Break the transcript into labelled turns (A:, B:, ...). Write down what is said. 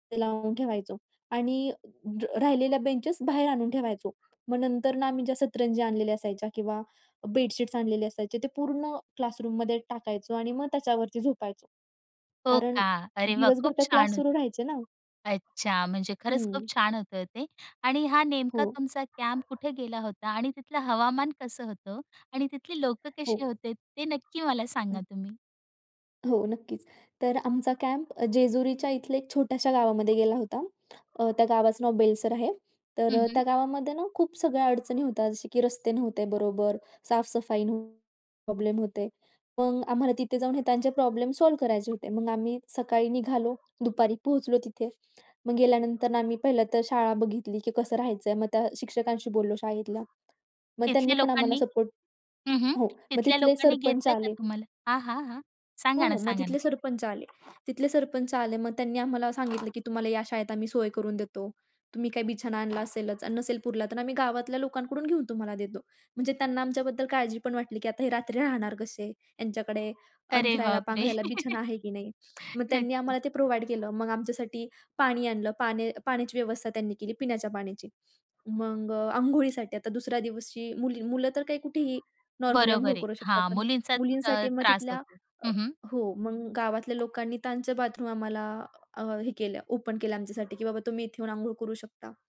A: ते लावून ठेवायचो आणि ज राहिलेल्या बेंचेस बाहेर आणून ठेवायचो. मग नंतर ना, आम्ही ज्या सतरंजी आणलेल्या असायच्या किंवा बेडशीट्स आणलेले असायचे ते पूर्ण क्लासरूममध्ये टाकायचो आणि मग त्याच्यावरती झोपायचो,
B: हो
A: कारण
B: का? अरे वाह!
A: दिवसभर
B: खूप
A: तर क्लास
B: छान.
A: सुरू राहायचे ना.
B: अच्छा, म्हणजे खरंच खूप
A: हं.
B: छान होतं ते. आणि हा
A: हो.
B: नेमका तुमचा कॅम्प कुठे गेला होता? आणि तिथलं हवामान कसं होतं? आणि तिथली लोकं
A: हो.
B: कशी होते? ते नक्की मला सांगा
A: हं.
B: तुम्ही.
A: हो, नक्कीच. तर आमचा कॅम्प जेजुरीच्या इथल्या एक छोट्याशा गावामध्ये गेला होता. अ, त्या गावाचं नाव बेलसर आहे. तर
B: हं,
A: अ,
B: हं.
A: त्या गावामध्ये ना खूप सगळ्या अडचणी होत्या, जसे की रस्ते नव्हते बरोबर, साफ-सफाई नव्हती प्रॉब्लेम होते. मग आम्हाला तिथे जाऊन हे त्यांचे प्रॉब्लेम सॉल्व्ह करायचे होते. मग आम्ही सकाळी निघालो, दुपारी पोहोचलो तिथे. मग गेल्यानंतर आम्ही पहिलं तर शाळा बघितली, की कसं राहायचं आहे. मग त्या शिक्षकांशी बोललो शाळेतल्या, मग त्यांनी
B: तिथल्या
A: पण आम्हाला
B: लोकांनी
A: सपोर्ट
B: हं, हं.
A: हो, मग
B: तिथल्या
A: तिथले
B: लोकांनी
A: सरपंच
B: घेतलंय का
A: आले
B: तुम्हाला? हां, हां, हां.
A: हो,
B: सांगा ना,
A: हो. मग
B: सांगा ना.
A: तिथले सरपंच आले, तिथले सरपंच आले. मग त्यांनी आम्हाला सांगितलं, की तुम्हाला या शाळेत आम्ही सोय करून देतो. तुम्ही काही बिछाना आणला असेलच आणि नसेल पुरला, तर आम्ही गावातल्या लोकांकडून घेऊन तुम्हाला देतो. म्हणजे त्यांना आमच्याबद्दल काळजी पण वाटली, की आता हे रात्री राहणार कसे, यांच्याकडे
B: अरे बापरे!
A: अंथरायला-पांघरायला बिछाना आहे की नाही. मग त्यांनी
B: नक्कीच.
A: आम्हाला ते प्रोव्हाईड केलं. मग आमच्यासाठी पाणी आणलं, पाने पाण्याची व्यवस्था त्यांनी केली पिण्याच्या पाण्याची. मग अ, अंघोळीसाठी आता दुसऱ्या दिवशी मुली मुलं तर काही कुठेही नॉर्मली अंघोळ
B: बरोबर आहे.
A: करू शकतात,
B: हां,
A: पण
B: मुलींचा त
A: मुलींसाठी मग
B: त्रास
A: तिथल्या
B: होतो.
A: अ,
B: हं, हं.
A: हो, मग गावातल्या लोकांनी त्यांचं बाथरूम आम्हाला अ, हे केलं, ओपन केलं आमच्यासाठी की बाबा तुम्ही इथे येऊन अंघोळ करू शकता.